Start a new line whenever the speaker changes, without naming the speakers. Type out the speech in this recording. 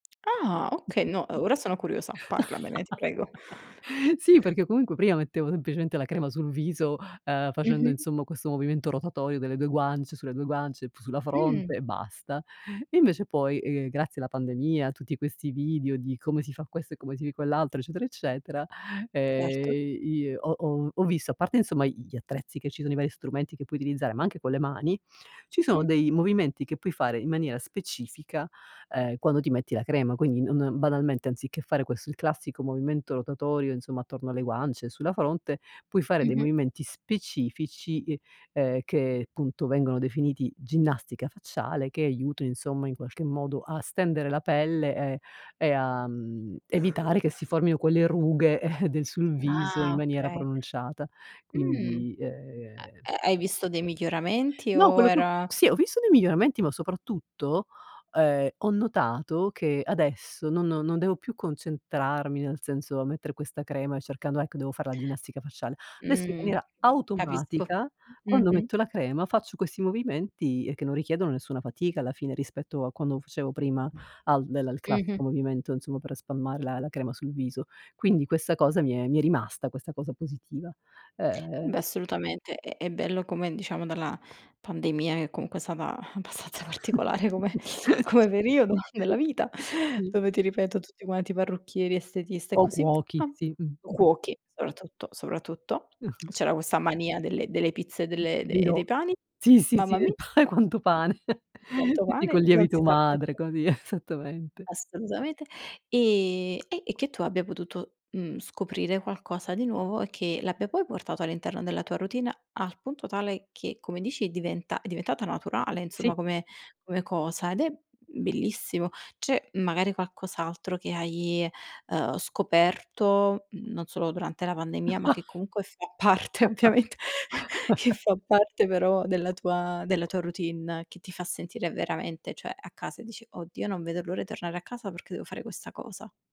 Ah, okay. No, ora sono curiosa, parlamene, ti prego.
Sì, perché comunque prima mettevo semplicemente la crema sul viso, uhm, facendo,
Mh-mh.
insomma, questo movimento rotatorio delle 2 guance, sulle 2 guance, p sulla
Mh.
fronte e basta. Invece poi, ehm, grazie alla pandemia, a tutti questi video di come si fa questo e come si quell'altro, eccetera, eccetera,
Certo.
ehm, i i ho ho ho visto, a parte, insomma, i gli attrezzi che ci sono, i vari strumenti che puoi utilizzare, ma anche con le mani, ci
Mh.
sono dei movimenti che puoi fare in maniera specifica, ehm, quando ti metti la crema. Quindi non banalmente, anziché fare questo, il classico movimento rotatorio, insomma, attorno alle guance e sulla fronte, puoi fare dei
Mh-mh.
movimenti specifici, uhm, ehm, che punto vengono definiti ginnastica facciale, che aiutano, insomma, in qualche modo a stendere la pelle, ehm, e a, mhmm, evitare che si formino quelle rughe del sul viso in
Ah,
maniera
okay.
pronunciata.
Mh.
Quindi, uhm
Ha ha hai visto dei miglioramenti
No,
o
quello che ho
era
sì, ho visto dei miglioramenti, ma soprattutto, ehm, ho notato che adesso non non devo più concentrarmi, nel senso a mettere questa crema e cercando: “Ecco, devo fare la ginnastica facciale”. Adesso, in
Mh,
maniera
capisco.
automatica, quando
Mh-mh.
metto la crema faccio questi movimenti che non richiedono nessuna fatica alla fine rispetto a quando facevo prima al del
Mh-mh.
classico movimento, insomma, per spalmare la la crema sul viso. Quindi questa cosa mi è mi è rimasta, questa cosa positiva.
Eh
Uhm
beh, assolutamente, è è bello come, diciamo, dalla pandemia, che comunque è stata abbastanza particolare come
S
come periodo nella vita,
sì. Mh.
dove, ti ripeto, tutti quanti parrucchieri, estetiste e
O
così via,
cuochi, sì.
o
Mh-mh.
cuochi soprattutto, soprattutto
Mh-mh.
c'era questa mania delle delle pizze e
D
delle e de e
dirò.
dei pani.
Sì, sì, sì,
Mamma
del
mia.
pane, quanto pane.
Tanto
Tutti
pane,
col
non si
lievito
sa
madre
perché.
così, esattamente.
Assolutamente, e e e che tu abbia potuto, mhmm, scoprire qualcosa di nuovo e che l'abbia poi portato all'interno della tua routine, al punto tale che, come dici, diventa è diventata naturale, insomma,
Sì.
come come cosa, ed è bellissimo. C'è magari qualcos'altro che hai, uhm, scoperto, mhmm, non solo durante la pandemia, ma che comunque fa parte, ovviamente, che fa parte però della tua della tua routine, che ti fa sentire veramente, cioè, a casa e dici: “Oddio, non vedo l'ora di tornare a casa perché devo fare questa cosa”?